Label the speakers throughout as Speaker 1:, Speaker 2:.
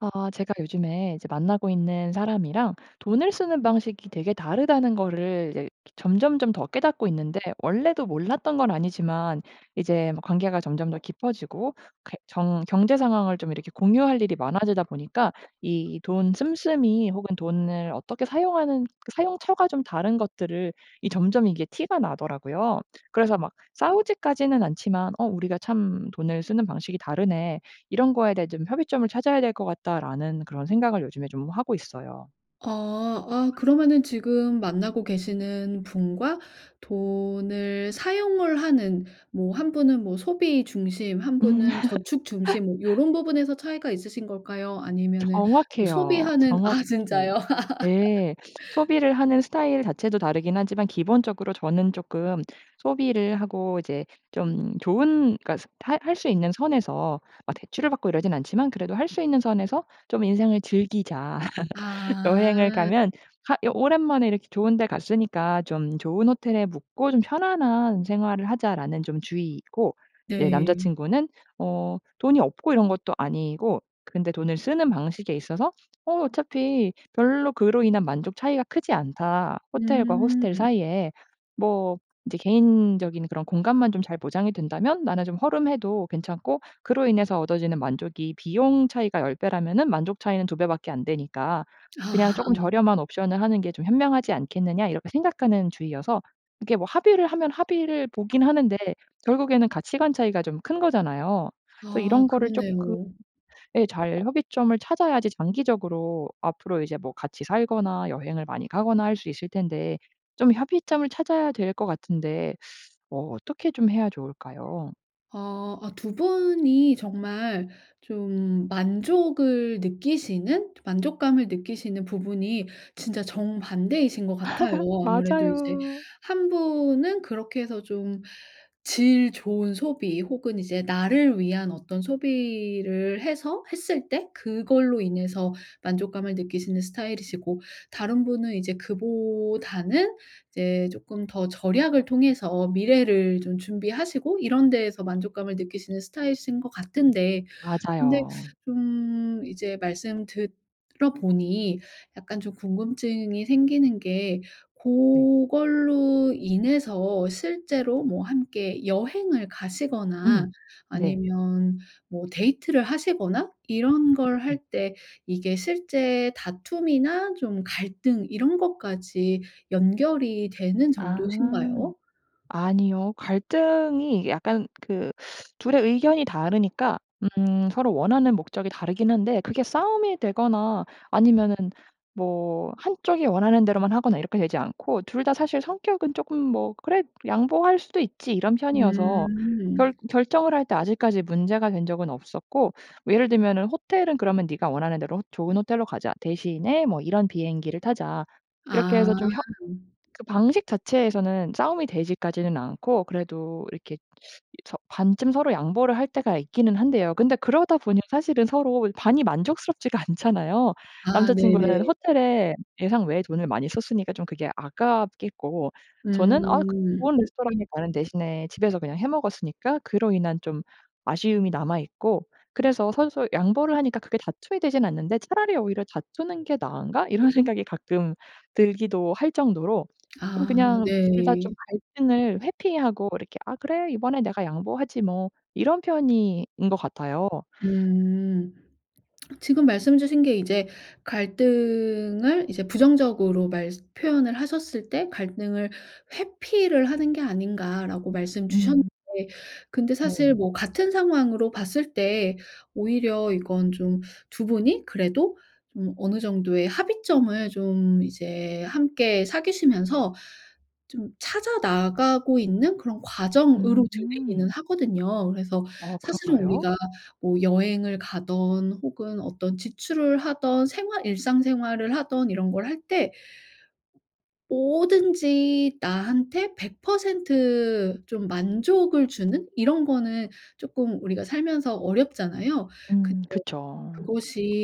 Speaker 1: 아 제가 요즘에 이제 만나고 있는 사람이랑 '돈을 쓰는 방식이 되게 다르다.'는 거를 이제 점점점 더 깨닫고 있는데 원래도 몰랐던 건 아니지만 이제 뭐 관계가 점점 더 깊어지고 이렇게 정 경제 상황을 좀 이렇게 공유할 일이 많아지다 보니까 이 돈 씀씀이 혹은 돈을 어떻게 사용하는 그 사용처가 좀 다른 것들을 이 점점 이게 티가 나더라고요. 그래서 막 싸우지까지는 않지만 '어 우리가 참 돈을 쓰는 방식이 다르네. 이런 거에 대해 좀 협의점을 찾아야 될 것 같다.'라는 그런 생각을 요즘에 좀 하고 있어요.
Speaker 2: 어. 아 그러면은 지금 만나고 계시는 분과 돈을 사용을 하는 뭐 1 분은 뭐 소비 중심, 1 분은 저축 중심 뭐 요런 부분에서 차이가 있으신 걸까요 아니면은 뭐
Speaker 1: 정확해요,
Speaker 2: 소비하는 아
Speaker 1: 정확히
Speaker 2: 진짜요?
Speaker 1: 예. 소비를 하는 스타일 자체도 다르긴 하지만 기본적으로 저는 조금 소비를 하고 이제 좀 좋은 그러니까 할 할 수 있는 선에서 막 대출을 받고 이러진 않지만 그래도 '할 수 있는 선에서 좀 인생을 즐기자.' 여행을
Speaker 2: 아.
Speaker 1: 가면 가 여 '오랜만에 이렇게 좋은 데 갔으니까 좀 좋은 호텔에 묵고 좀 편안한 생활을 하자.'라는 좀 주의이고 이제 남자
Speaker 2: 네.
Speaker 1: 친구는 어 돈이 없고 이런 것도 아니고 근데 돈을 쓰는 방식에 있어서 '어 어차피 별로 그로 인한 만족 차이가 크지 않다, 호텔과 호스텔
Speaker 2: 음.
Speaker 1: 사이에. 뭐 이제 개인적인 그런 공간만 좀 잘 보장이 된다면 나는 좀 허름해도 괜찮고 그로 인해서 얻어지는 만족이 비용 차이가 10 배라면은 만족 차이는 2 배밖에 안 되니까 그냥
Speaker 2: 아.
Speaker 1: 조금 저렴한 옵션을 하는 게 좀 현명하지 않겠느냐.' 이렇게 생각하는 주의여서 이게 뭐 합의를 하면 합의를 보긴 하는데 결국에는 가치관 차이가 좀 큰 거잖아요. 그래서
Speaker 2: 아
Speaker 1: 이런 거를 쪼끔
Speaker 2: 그렇네요.
Speaker 1: 예 잘 협의점을 찾아야지 장기적으로 앞으로 이제 뭐 같이 살거나 여행을 많이 가거나 할 수 있을 텐데 좀 협의점을 찾아야 될 것 같은데 어 어떻게 좀 해야 좋을까요?
Speaker 2: 어 어 2 분이 정말 좀 만족을 느끼시는, 만족감을 느끼시는 부분이 진짜 정반대이신 것 같아요. 아무래도 이제
Speaker 1: 맞아요.
Speaker 2: 1 분은 그렇게 해서 좀 질 좋은 소비 혹은 이제 나를 위한 어떤 소비를 해서 했을 때 그걸로 인해서 만족감을 느끼시는 스타일이시고 다른 분은 이제 그보다는 이제 쪼끔 더 절약을 통해서 미래를 좀 준비하시고 이런 데에서 만족감을 느끼시는 스타일이신 것 같은데 근데
Speaker 1: 맞아요.
Speaker 2: 좀 이제 말씀 들어 보니 약간 좀 궁금증이 생기는 게
Speaker 1: 네.
Speaker 2: 고걸로 인해서 실제로 뭐 함께 여행을
Speaker 1: 음.
Speaker 2: 가시거나
Speaker 1: 네.
Speaker 2: 아니면 뭐 데이트를 하시거나 이런 걸 할
Speaker 1: 음.
Speaker 2: 때 이게 실제 다툼이나 좀 갈등 이런 것까지 연결이 되는
Speaker 1: 아.
Speaker 2: 정도신가요?
Speaker 1: 아니요. 갈등이 약간 그 2 의 의견이 다르니까 음 서로 원하는 목적이 다르긴 한데 그게 싸움이 되거나 아니면은 뭐 1 쪽이 원하는 대로만 하거나 이렇게 되지 않고 2 다 사실 성격은 쪼끔 뭐 '그래 양보할 수도 있지.' 이런 편이어서
Speaker 2: 음.
Speaker 1: 결 결정을 할 때 아직까지 문제가 된 적은 없었고 뭐 예를 들면은 "호텔은 그러면 니가 원하는 대로 좋은 호텔로 가자. 대신에 뭐 이런 비행기를 타자." 이렇게
Speaker 2: 아.
Speaker 1: 해서 좀 협 그 방식 자체에서는 싸움이 되지까지는 않고 그래도 이렇게 이 저 반쯤 서로 양보를 할 때가 있기는 한데요. 근데 그러다 보니 사실은 서로 반이 만족스럽지가 않잖아요.
Speaker 2: 아
Speaker 1: 남자 친구는
Speaker 2: 네네.
Speaker 1: 호텔에 예상 외에 돈을 많이 썼으니까 좀 그게 아깝겠고 저는 아 그 좋은
Speaker 2: 음.
Speaker 1: 레스토랑에 가는 대신에 집에서 그냥 해 먹었으니까 그로 인한 좀 아쉬움이 남아 있고 그래서 서로서로 양보를 하니까 크게 다투게 되진 않는데 '차라리 오히려 다투는 게 나은가?' 이런 생각이 가끔 들기도 할 정도로 좀
Speaker 2: 아
Speaker 1: 그냥 둘 다
Speaker 2: 네.
Speaker 1: 좀 갈등을 회피하고 이렇게 '아 그래. 이번에 내가 양보하지 뭐.' 이런 편인 것 같아요.
Speaker 2: 음. 지금 말씀 주신 게 이제 갈등을 이제 부정적으로 말스 표현을 하셨을 때 "갈등을 회피를 하는 게 아닌가?"라고 말씀 주셨는데
Speaker 1: 음.
Speaker 2: 근데
Speaker 1: 네.
Speaker 2: 사실 뭐 같은 상황으로 봤을 때 오히려 이건 좀 2 분이 그래도 좀 어느 정도의 합의점을 좀 이제 함께 사귀시면서 좀 찾아 나가고 있는 그런 과정으로
Speaker 1: 음.
Speaker 2: 들리기는 하거든요. 그래서
Speaker 1: 어
Speaker 2: 사실은
Speaker 1: 그런가요?
Speaker 2: 우리가 뭐 여행을 가든 혹은 어떤 지출을 하든 생활 일상생활을 하든 이런 걸 할 때 뭐든지 나한테 100% 좀 만족을 주는 이런 거는 쪼끔 우리가 살면서 어렵잖아요. 근데
Speaker 1: 음 그쵸.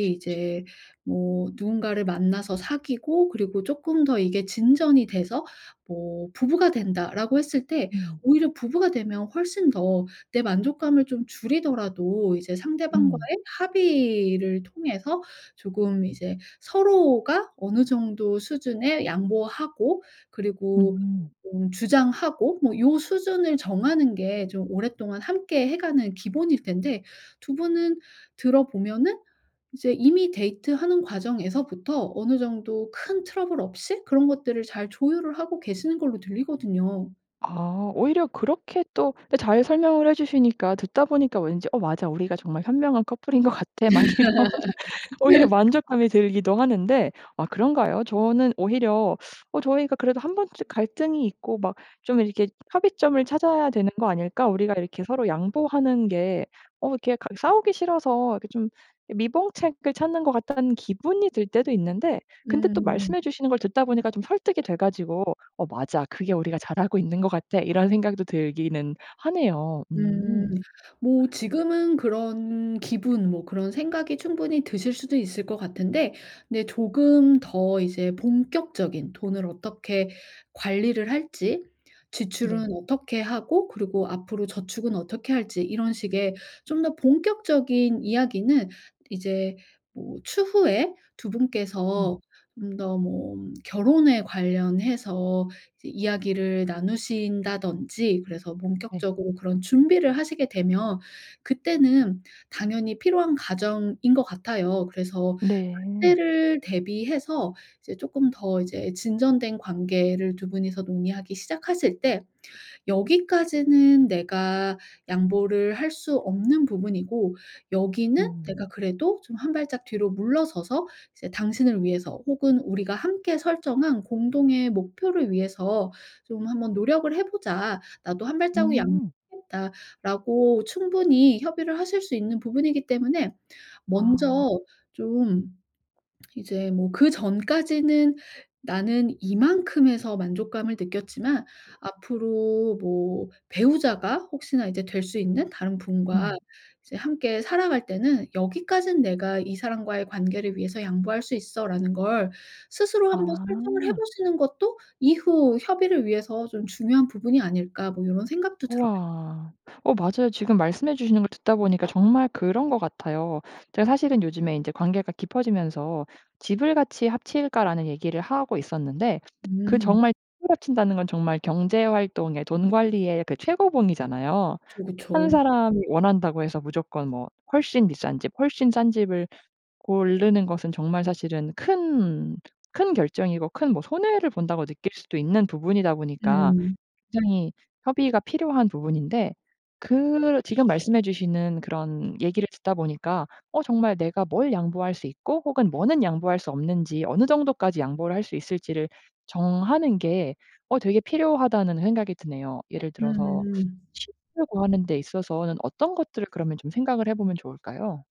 Speaker 1: 축 치
Speaker 2: 이제 뭐 누군가를 만나서 사귀고 그리고 쪼끔 더 이게 진전이 돼서 뭐 "부부가 된다."라고 했을 때
Speaker 1: 음.
Speaker 2: 오히려 부부가 되면 훨씬 더 내 만족감을 좀 줄이더라도 이제
Speaker 1: 음.
Speaker 2: 상대방과의 합의를 통해서 조금 이제 서로가 어느 정도 수준에 양보하고 그리고
Speaker 1: 음.
Speaker 2: 음 주장하고 뭐 요 수준을 정하는 게 좀 오랫동안 함께 해 가는 기본일 텐데 2 분은 들어 보면은 이제 이미 데이트하는 과정에서부터 어느 정도 큰 트러블 없이 그런 것들을 잘 조율을 하고 계시는 걸로 들리거든요.
Speaker 1: 아. 오히려 그렇게 또 때 잘 설명을 해주시니까 듣다 보니까 왠지 '어 맞아. 우리가 정말 현명한 커플인 것 같아.' 막 이런 오히려 만족감이 들기도 하는데 아 그런가요? 저는 오히려 어 저희가 그래도 '1 번쯤 갈등이 있고 막 좀 이렇게 합의점을 찾아야 되는 거 아닐까? 우리가 이렇게 서로 양보하는 게 어 이렇게 가기 싸우기 싫어서 이렇게 좀 미봉책을 찾는 것 같다.'는 기분이 들 때도 있는데 근데 또
Speaker 2: 음.
Speaker 1: 말씀해 주시는 걸 듣다 보니까 좀 설득이 돼 가지고 '어 맞아. 그게 우리가 잘하고 있는 것 같아.' 이런 생각도 들기는 하네요.
Speaker 2: 음.
Speaker 1: 음.
Speaker 2: 뭐 지금은 그런 기분 뭐 그런 생각이 충분히 드실 수도 있을 것 같은데 근데 조금 더 이제 본격적인 돈을 어떻게 관리를 할지
Speaker 1: 네.
Speaker 2: 지출은 어떻게 하고 그리고 앞으로 저축은 어떻게 할지 이런 식의 좀 더 본격적인 이야기는 이제 뭐 추후에 2
Speaker 1: 음.
Speaker 2: 분께서 좀 더 뭐 결혼에 관련해서 이 이야기를 나누신다든지 그래서
Speaker 1: 네.
Speaker 2: 본격적으로 그런 준비를 하시게 되면 그때는 당연히 필요한 과정인 것 같아요. 그래서
Speaker 1: 네.
Speaker 2: 그때를 대비해서 이제 쪼끔 더 이제 진전된 관계를 2 분이서 논의하기 시작하실 때 "여기까지는 내가 양보를 할 수 없는 부분이고 여기는
Speaker 1: 음.
Speaker 2: 내가 그래도 좀 1 발짝 뒤로 물러서서 이제 당신을 위해서 혹은 우리가 함께 설정한 공동의 목표를 위해서 좀 한번 노력을 해 보자. 나도 1 발자국 양
Speaker 1: 음.
Speaker 2: 겠다."라고 충분히 협의를 하실 수 있는 부분이기 때문에 먼저
Speaker 1: 아.
Speaker 2: 좀 이제 뭐 그전까지는 나는 이만큼에서 만족감을 느꼈지만 앞으로 뭐 배우자가 혹시나 이제 될 수 있는 다른 분과
Speaker 1: 음.
Speaker 2: 이제 함께 살아갈 때는 '여기까지는 내가 이 사람과의 관계를 위해서 양보할 수 있어.'라는 걸 스스로 한번 설정을 해
Speaker 1: 아.
Speaker 2: 보시는 것도 '이후 협의를 위해서 좀 중요한 부분이 아닐까?' 뭐 요런 생각도 들어요.
Speaker 1: 우와. 어 맞아요. 지금 말씀해 주시는 걸 듣다 보니까 정말 그런 것 같아요. 제가 사실은 요즘에 인제 관계가 깊어지면서 "집을 같이 합칠까?"라는 얘기를 하고 있었는데 그
Speaker 2: 음.
Speaker 1: 정말 집을 합친다는 건 정말 경제 활동의, 돈 관리의 그 최고봉이잖아요.
Speaker 2: 그쵸,
Speaker 1: 1
Speaker 2: 그쵸.
Speaker 1: 사람이 원한다고 해서 무조건 뭐 훨씬 비싼 집, 훨씬 싼 집을 고르는 것은 정말 사실은 큰 큰 결정이고 큰 뭐 '손해를 본다.'고 느낄 수도 있는 부분이다 보니까
Speaker 2: 음.
Speaker 1: 굉장히 협의가 필요한 부분인데 그 지금 말씀해 주시는 그런 얘기를 듣다 보니까 '어 정말 내가 뭘 양보할 수 있고 혹은 뭐는 양보할 수 없는지, 어느 정도까지 양보를 할 수 있을지를 정하는 게 어 되게 필요하다.'는 생각이 드네요. 예를 들어서
Speaker 2: 음.
Speaker 1: 합치려고 하는 데 있어서는 어떤 것들을 그러면 좀 생각을 해 보면 좋을까요?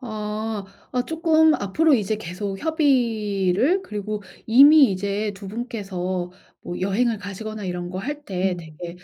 Speaker 2: 어. 어 쪼끔 앞으로 이제 계속 협의를 그리고 이미 이제 2 분께서 뭐 여행을 가시거나 이런 거 할 때
Speaker 1: 음.
Speaker 2: 되게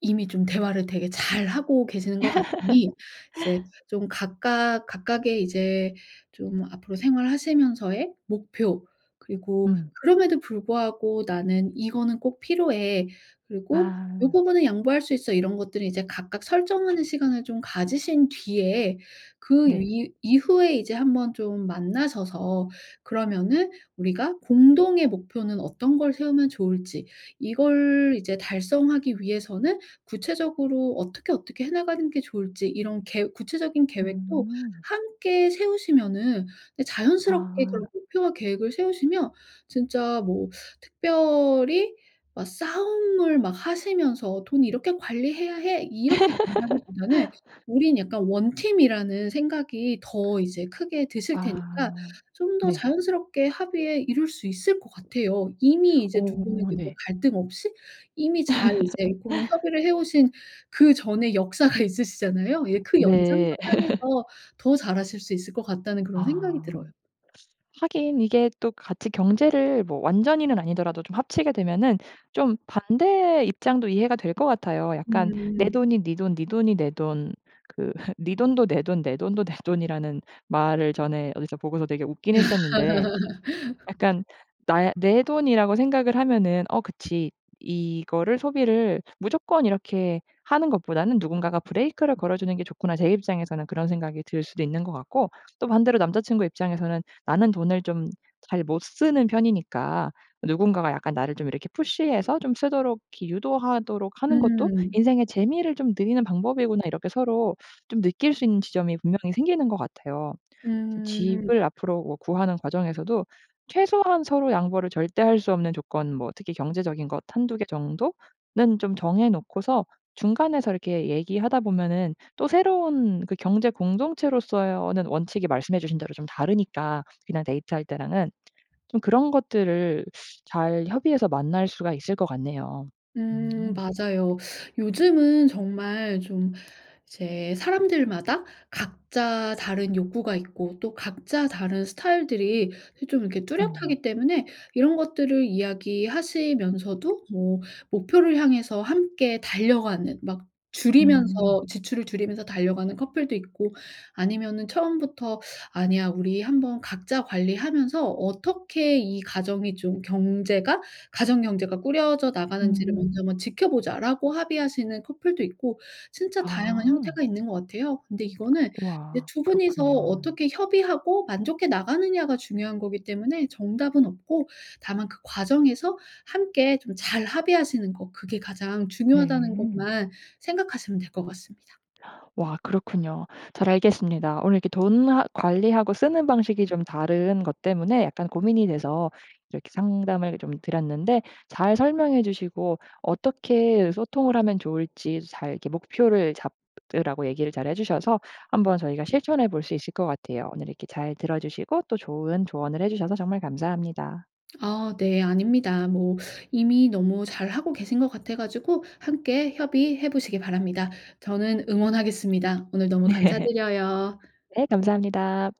Speaker 2: 이미 좀 대화를 되게 잘하고 계시는 것 같으니 이제 좀 각각 각각의 이제 좀 앞으로 생활하시면서의 목표 그리고
Speaker 1: 음.
Speaker 2: '그럼에도 불구하고 나는 이거는 꼭 필요해.' 그리고 '요
Speaker 1: 아.
Speaker 2: 부분은 양보할 수 있어.' 이런 것들은 이제 각각 설정하는 시간을 좀 가지신 뒤에 그
Speaker 1: 네.
Speaker 2: 위 이후에 이제 한번 좀 만나셔서 그러면은 우리가 공동의 목표는 어떤 걸 세우면 좋을지 이걸 이제 달성하기 위해서는 구체적으로 어떻게, 어떻게 해 나가는 게 좋을지 이런 계 구체적인 계획도
Speaker 1: 음.
Speaker 2: 함께 세우시면은 네 자연스럽게
Speaker 1: 아.
Speaker 2: 그런 목표와 계획을 세우시면 진짜 뭐 특별히 뭐 싸움을 막 하시면서 "돈 이렇게 관리해야 해." 이렇게 된다기보다는 우린 약간 1 팀이라는 생각이 더 이제 크게 드실 테니까
Speaker 1: 아.
Speaker 2: 좀 더
Speaker 1: 네.
Speaker 2: 자연스럽게 합의에 이룰 수 있을 것 같아요. 이미 이제 2 분은
Speaker 1: 어
Speaker 2: 근데
Speaker 1: 네.
Speaker 2: 갈등 없이 이미 잘 이제 고런 협의를 해 오신 그전의 역사가 있으시잖아요. 예 '그 연장
Speaker 1: 네.
Speaker 2: 선상에서 더 잘하실 수 있을 것 같다.'는 그런 생각이
Speaker 1: 아.
Speaker 2: 들어요.
Speaker 1: 하긴 이게 또 같이 경제를 뭐 완전히는 아니더라도 좀 합치게 되면은 좀 반대 입장도 이해가 될 것 같아요. 약간 "내
Speaker 2: 음.
Speaker 1: 돈이 니 돈, 니 돈이 내 돈." 그 "니 돈도 내 돈, 내 돈도 내 돈."이라는 말을 전에 어디서 보고서 되게 웃긴 했었는데 약간 나의 내 돈이라고 생각을 하면은 '어 그치. 이거를 소비를 무조건 이렇게 하는 것보다는 누군가가 브레이크를 걸어주는 게 좋구나.' 제 입장에서는 그런 생각이 들 수도 있는 것 같고 또 반대로 남자 친구 입장에서는 '나는 돈을 좀 잘 못 쓰는 편이니까 누군가가 약간 나를 좀 이렇게 푸시해서 좀 쓰도록 이렇게 유도하도록 하는 것도
Speaker 2: 음.
Speaker 1: 인생의 재미를 좀 늘리는 방법이구나.' 이렇게 서로 좀 느낄 수 있는 지점이 분명히 생기는 것 같아요. 저
Speaker 2: 음.
Speaker 1: 집을 앞으로 뭐 구하는 과정에서도 최소한 서로 양보를 절대 할 수 없는 조건 뭐 특히 경제적인 것 1-2 개 정도는 좀 정해 놓고서 중간에서 이렇게 얘기하다 보면은 또 새로운 그 경제 공동체로서의어는 원칙이 말씀해주신 대로 좀 다르니까 그냥 데이트할 때랑은 좀 그런 것들을 잘 협의해서 만날 수가 있을 것 같네요.
Speaker 2: 음.
Speaker 1: 음.
Speaker 2: 맞아요. 요즘은 정말 좀 이제 사람들마다 각자 다른 욕구가 있고 또 각자 다른 스타일들이 이 좀 이렇게 뚜렷하기
Speaker 1: 음.
Speaker 2: 때문에 이런 것들을 이야기하시면서도 뭐 목표를 향해서 함께 달려가는 막 줄이면서
Speaker 1: 음.
Speaker 2: 지출을 줄이면서 달려가는 커플도 있고 아니면은 처음부터 "아니야. 우리 한번 각자 관리하면서 어떻게 이 가정이 좀 경제가 가정 경제가 꾸려져 나가는지를
Speaker 1: 음.
Speaker 2: 먼저 한번 지켜보자."라고 합의하시는 커플도 있고 진짜 다양한
Speaker 1: 아.
Speaker 2: 형태가 있는 것 같아요. 근데 이거는 이제
Speaker 1: 와.
Speaker 2: 2 분이서
Speaker 1: 그렇군요.
Speaker 2: 어떻게 협의하고 만족해 나가느냐가 중요한 거기 때문에 정답은 없고 다만 그 과정에서 함께 좀 잘 합의하시는 거 그게 가장 중요하다는
Speaker 1: 네.
Speaker 2: 것만 생각하시면 될 것 같습니다.
Speaker 1: 와 그렇군요. 잘 알겠습니다. 오늘 이렇게 돈 하 관리하고 쓰는 방식이 좀 다른 것 때문에 약간 고민이 돼서 이렇게 상담을 좀 드렸는데 잘 설명해 주시고 어떻게 소통을 하면 좋을지 "잘 이렇게 목표를 잡으라."고 얘기를 잘 해 주셔서 한번 저희가 실천해 볼 수 있을 것 같아요. 오늘 이렇게 잘 들어주시고 또 좋은 조언을 해 주셔서 정말 감사합니다.
Speaker 2: 아 네. 아닙니다. 뭐 이미 너무 잘하고 계신 것 같아 가지고 함께 협의해 보시기 바랍니다. 저는 응원하겠습니다. 오늘 너무
Speaker 1: 네.
Speaker 2: 감사드려요.
Speaker 1: 네 감사합니다.